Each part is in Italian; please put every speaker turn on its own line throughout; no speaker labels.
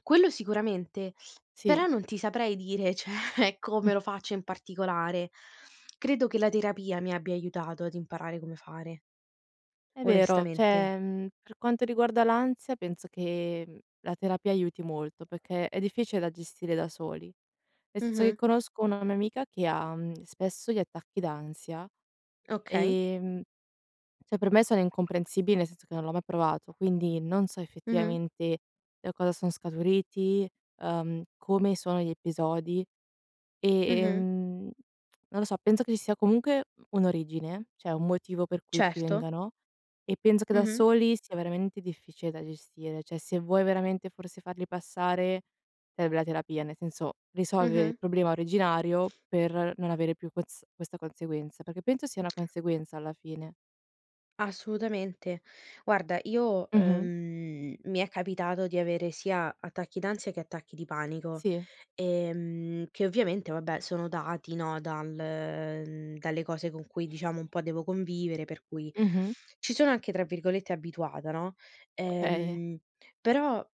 Quello sicuramente, però
Sì.
non ti saprei dire cioè
Mh.
come lo faccio in particolare. Credo che la terapia mi abbia aiutato ad imparare come fare
È vero,
onestamente.
cioè, mhmm, per quanto riguarda l'ansia penso che la terapia aiuti molto perché è difficile da gestire da soli. Nel senso che
Mh-mh.
conosco una mia amica che ha, mhmm, spesso gli attacchi d'ansia,
Okay.
ehm, cioè per me sono incomprensibili nel senso che non l'ho mai provato, quindi non so
Mh-mh.
effettivamente da cosa son scaturiti, ehm, come sono gli episodi e,
Mh-mh.
ehm, non lo so, penso che ci sia comunque un'origine, cioè un motivo per cui ti
Certo.
vengano e penso che da
Mh-mh.
soli sia veramente difficile da gestire. Cioè se vuoi veramente forse farli passare serve la terapia, nel senso risolvere il
Mh-mh.
problema originario per non avere più ques questa conseguenza, perché penso sia una conseguenza alla fine.
Assolutamente. Guarda, io
Mh-mh.
ehm, mi è capitato di avere sia attacchi d'ansia che attacchi di panico,
Sì.
ehm, che ovviamente vabbè sono dati no dal mhmm, dalle cose con cui, diciamo, un po' devo convivere per cui
Mh-mh.
ci sono anche tra virgolette "abituata", no.
Okay.
Ehm, però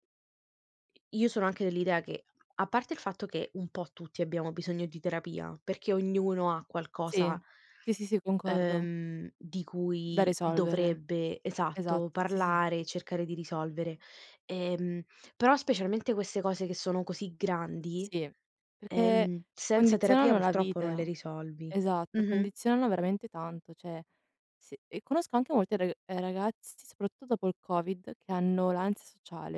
io sono anche dell'idea che, a parte il fatto che un po' tutti abbiamo bisogno di terapia, perché ognuno ha qualcosa
Sì. Sì, sì, sì, concordo.
ehm, di
Da
cui
risolvere.
dovrebbe, esatto,
Esatto, sì, sì, sì.
parlare e cercare di risolvere, ehm, però specialmente queste cose che sono così grandi,
Sì, perché
ehm, senza terapia
condizionano la
purtroppo non le
vita.
risolvi.
Esatto,
Mh-mh.
condizionano veramente tanto, cioè, s conosco anche molti rag eh ragazzi, soprattutto dopo il Covid, che hanno l'ansia sociale.